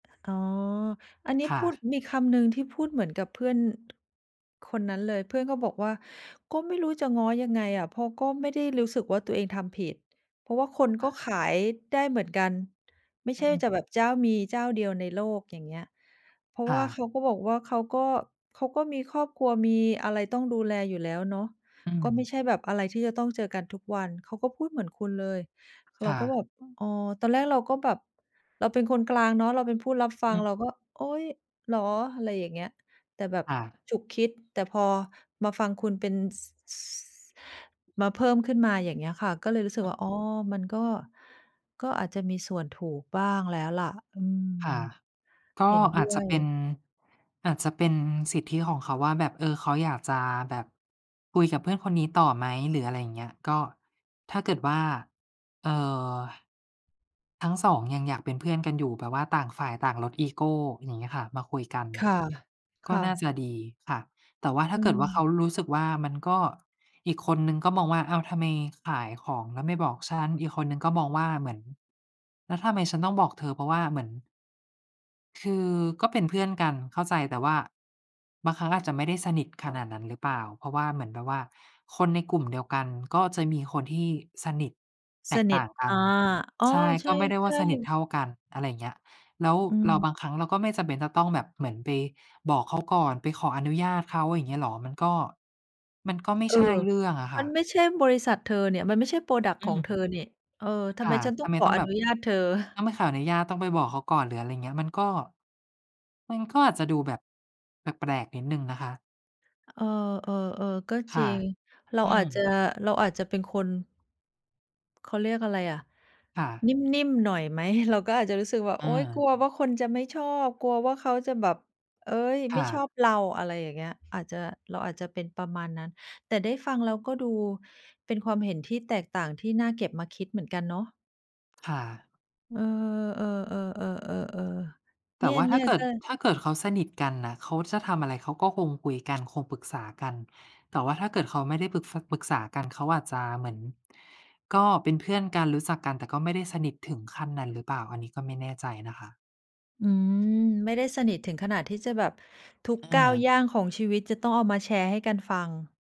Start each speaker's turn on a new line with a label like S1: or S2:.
S1: อ๋อ อันนี้
S2: ค่
S1: พูด
S2: ะ
S1: มีคำหนึ่งที่พูดเหมือนกับเพื่อน คนนั้นเลย เพื่อนก็บอกว่า ก็ไม่รู้จะง้อยังไงอะ เพราะก็ไม่ได้รู้สึกว่า ตัวเองทำผิด เพราะว่าคน
S2: ค
S1: ก็
S2: ่ะ
S1: ขายได้เหมือนกัน ไม่
S2: อื
S1: ใช่
S2: อ
S1: จะแบบเจ้า มีเจ้าเดียวในโลก อย่างเงี้ย เพราะ
S2: ค
S1: ว
S2: ่
S1: ่าเข
S2: ะ
S1: าก็บอกว่าเขาก็ เขาก็มีครอบครัวมีอะไรต้องดูแลอยู่แล้วเนาะ
S2: อื
S1: ก็ไม
S2: ม
S1: ่ใช่แบบอะไรที่จะต้องเจอกันทุกวัน เขาก็พูดเหมือนคุณเลย เ
S2: ค
S1: รา
S2: ่
S1: ก็
S2: ะ
S1: แบบ อ๋อ ตอนแรกเราก็แบบเราเป็นคนกลางเนาะ เราเป็นผู้รับฟ
S2: อ
S1: ัง
S2: ือ
S1: เราก็ โอ๊ย เหรอ อะไรอย่างเงี้ย แต่แบบ
S2: ค่ะ
S1: ฉุกคิด แต่พอมาฟังคุณเป็น ส มาเพิ่มขึ้นมา อย่างเงี้ยค่ะ ก็เลยรู้สึกว่า อ๋อ มันก็ ก็อาจจะมีส่วนถูกบ้างแล้วล่ะ อืม
S2: ค่ะ ก
S1: เ
S2: ็
S1: ห็นด
S2: อ
S1: ้
S2: าจจ
S1: ว
S2: ะเป็น
S1: ย
S2: อาจจะเป็นสิทธิของเขาว่าแบบ เอ่อ เขาอยากจะแบบคุยกับเพื่อนคนนี้ต่อไหม หรืออะไรอย่างเงี้ย ก็ถ้าเกิดว่า เอ่อ ทั้ง 2 ยังอยากเป็นเพื่อนกันอยู่แบบว่าต่างฝ่ายต่างลดอีโก อย่างเงี้ยค่ะ มาคุยกัน
S1: ค่ะ ค
S2: ก็
S1: ่
S2: น่า
S1: ะ
S2: จะดีค่ะ แต่ว่าถ้
S1: อ
S2: าเกิดว่าเข
S1: ืม
S2: ารู้สึกว่า มันก็ อีกคนหนึ่งก็มองว่า อ้าวทำไมขายของแล้วไม่บอกฉัน อีกคนนึงก็มองว่าเหมือน แล้วทำไมฉันต้องบอกเธอ เพราะว่าเหมือน คือก็เป็นเพื่อนกันเข้าใจ แต่ว่า บางครั้งอาจจะไม่ได้สนิทขนาดนั้นหรือเปล่า เพราะว่าเหมือนแบบว่าคนในกลุ่มเดียวกัน ก็จะมีคนที่สนิทแต
S1: ส
S2: ก
S1: น
S2: ต
S1: ิ
S2: ่
S1: ท
S2: างกั
S1: อ
S2: น
S1: า อ๋อ
S2: ใช่
S1: ใ
S2: ก็ไม่ได้ว
S1: ช
S2: ่า
S1: ่
S2: สนิท
S1: ๆ
S2: เท่ากัน อะไรเงี้ย แล้ว
S1: อ
S2: เรา
S1: ืม
S2: บางครั้งเราก็ไม่จำเป็นจะต้องแบบเหมือนไปบอกเขาก่อนไปขออนุญาตเขา อย่างเงี้ยเหรอ? มันก็ มันก็ไม่
S1: เอ
S2: ใ
S1: อ
S2: ช่เรื่องอะค
S1: ม
S2: ่
S1: ัน
S2: ะ
S1: ไม่ใช่บริษัทเธอเนี่ย มันไม่ใช่ พรอดักต
S2: อ
S1: ์
S2: ื
S1: ของเธอ
S2: ม
S1: เนี่ย เออ ทำ
S2: ค
S1: ไม
S2: ่ะ
S1: ฉันต
S2: ท
S1: ้อ
S2: ำ
S1: ง
S2: ไม
S1: ขอ
S2: ต้อง
S1: อ
S2: แบ
S1: น
S2: บ
S1: ุญาตเธอ?
S2: ต้องไปขออนุญาต ต้องไปบอกเขาก่อนหรือ อะไรอย่างเงี้ย มันก็ มันก็อาจจะดูแบบ แปลก ๆ นิดหนึ่งนะคะ
S1: เออ ๆ ๆ ก็
S2: ค
S1: จ
S2: ่
S1: ร
S2: ะ
S1: ิง เรา
S2: อื
S1: อา
S2: ม
S1: จจะ เราอาจจะเป็นคน เขาเรียกอะไรอะ
S2: ค่ะ
S1: นิ่ม ๆ หน่อยไหม? เราก็อาจจะรู้สึกว่า โอ๊ย กล
S2: เออ
S1: ัวว่าคนจะไม่ชอบ กลัวว่าเขาจะแบบ เฮ้ย
S2: ค
S1: ไม
S2: ่
S1: ่ชอ
S2: ะ
S1: บเรา อะไรอย่างเงี้ย อาจจะ เราอาจจะเป็นประมาณนั้น แต่ได้ฟังแล้วก็ดูเป็นความเห็นที่แตกต่างที่น่าเก็บมาคิดเหมือนกันเนาะ
S2: ค่ะ
S1: เออ ๆ ๆ ๆ ๆ ๆ เ
S2: แต
S1: น
S2: ่ว่าถ้
S1: ี
S2: า
S1: ่ย
S2: เกิ
S1: ๆ ก
S2: ด
S1: ็
S2: ถ้าเกิดเขาสนิทกันน่ะ เขาจะทำอะไรเขาก็คงคุยกันคงปรึกษากัน แต่ว่าถ้า เกิดเขาไม่ได้ปรึก ษ ปรึกษากันเขาอาจจะเหมือน ก็เป็นเพื่อนกันรู้จักกัน แต่ก็ไม่ได้สนิทถึงขั้นนั้นหรือเปล่า? อันนี้ก็ไม่แน่ใจนะคะ
S1: อืม ไม่ได้สนิทถึงขนาดที่จะแบบทุก
S2: เ
S1: ก้าว
S2: ออ
S1: ย่างของชีวิตจะต้องเอามาแชร์ให้กันฟัง